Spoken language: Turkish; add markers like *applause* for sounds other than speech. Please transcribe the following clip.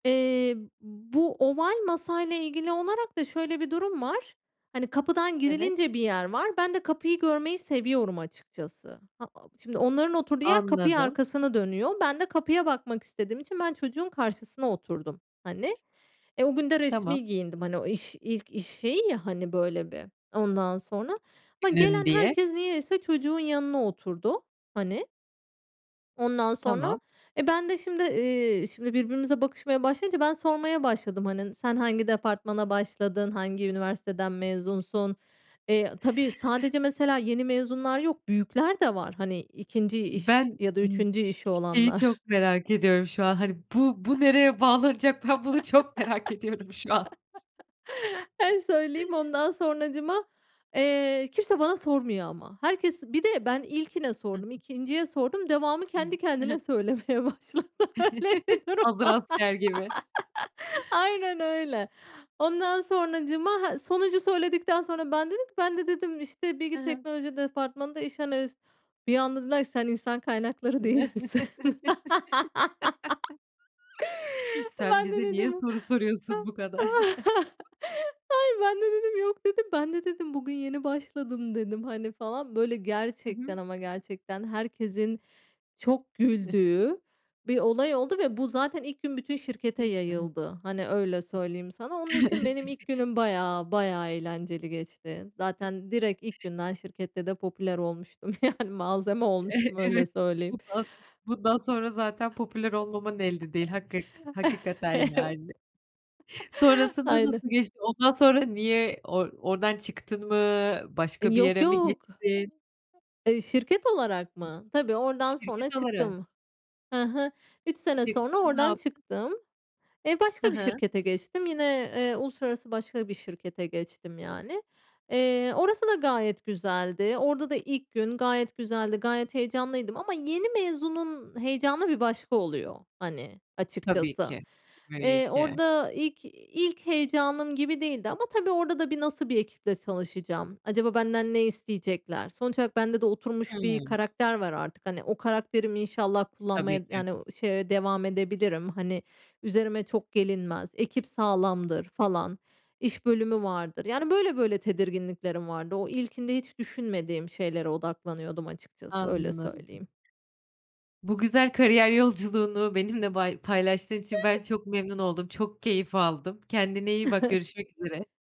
Eee, bu oval masayla ilgili olarak da şöyle bir durum var. Hani, kapıdan Evet. girilince bir yer var. Ben de kapıyı görmeyi seviyorum açıkçası. Ha, ab şimdi, onların oturduğu yer kapıya Anladım. arkasına dönüyor. Ben de kapıya bakmak istediğim için ben çocuğun karşısına oturdum, hani. Eee, o gün de Tamam. resmi giyindim. Hani, o iş ilk iş şeyi ya, hani, böyle, bir. Ondan sonra ama Günün gelen diye. herkes niyeyse çocuğun yanına oturdu, hani. Ondan sonra, Tamam. e, ben de şimdi, iii, şimdi, birbirimize bakışmaya başlayınca ben sormaya başladım. Hani, n sen hangi departmana başladın? Hangi üniversiteden mezunsun? Eee, a tabii, sadece mesela yeni mezunlar yok, büyükler de var. Hani, 2'nci iş Ben, ya da ımm, 3'üncü işi şeyi olanlar. çok merak ediyorum şu an. Hani, bu bu nereye bağlanacak? Ben bunu çok merak ediyorum şu an. *chuckles* En söyleyeyim *chuckles* ondan sonracığıma, eee, kimse bana sormuyor ama. Herkes bir de ben ilkine Hı hı. sordum, 2'nciye sordum, devamı kendi *unintelligible* I hı. kendine söylemeye başladı. Öyle bir *chuckles* durum. Hazır asker gibi. *laughs* Aynen öyle. Ondan sonracığıma, ha, sonuncu söyledikten sonra ben dedim ki: "Ben de", dedim, "işte, He bilgi he. teknoloji departmanında iş analist." Bir anda dediler ki: "Sen insan kaynakları değil misin?" *chuckles* *laughs* Sen Ben de bize niye dedim. soru soruyorsun bu kadar? *chuckles* *chuckles* Hayır, ben de dedim, "Yok.", dedim, ben de dedim, "Bugün yeni başladım." dedim, hani, falan. Böyle, Hı hı. gerçekten ama gerçekten herkesin çok *unintelligible* güldüğü bir olay oldu ve bu zaten ilk gün bütün şirkete Değil mi? Evet. yayıldı. Hani, öyle söyleyeyim sana. Onun için benim ilk *chuckles* günüm bayağı bayağı eğlenceli geçti. Zaten direkt ilk günden şirkette de popüler olmuştum. Yani malzeme Eh, olmuştum, öyle evet. söyleyeyim. Bundan son bundan sonra zaten *chuckles* popüler olmaman elde değil hakkı hakikaten, Evet. yani. *chuckles* Sonrasında Aynen. nasıl geçti? Ondan sonra niye or oradan çıktın mı? E, Başka bir yok yere mi yok. geçtin? Eee, şirket olarak mı? Tabii, oradan, sonra Şirket olarak. çıktım. Hı hı. 3 sene sonra Çıktın, ne oradan yaptın? çıktım. E, Hı başka bir hı. şirkete geçtim. Yine, eee, uluslararası başka bir şirkete geçtim yani. Eee, orası da gayet güzeldi. Orada da ilk gün gayet güzeldi. Gayet heyecanlıydım ama yeni mezunun heyecanı bir başka oluyor, hani, Tabii açıkçası. ki. Tabii Eee, ki. orada ilk ilk heyecanım gibi değildi ama tabii, orada da bir nasıl bir ekiple çalışacağım? Acaba benden ne isteyecekler? Sonuç olarak bende de oturmuş bir Hımm. karakter var artık. Hani, o karakterimi inşallah Tabii kullanmaya, ki. yani, o şeye devam edebilirim. Hani, üzerime çok gelinmez, ekip sağlamdır falan, iş bölümü vardır. Yani böyle böyle tedirginliklerim vardı. O ilkinde hiç düşünmediğim şeylere odaklanıyordum açıkçası, öyle Anladım. söyleyeyim. Bu güzel kariyer yolculuğunu benimle bay paylaştığın için ben *chuckles* çok memnun oldum. Çok keyif aldım. Kendine iyi bak. *chuckles* Görüşmek üzere.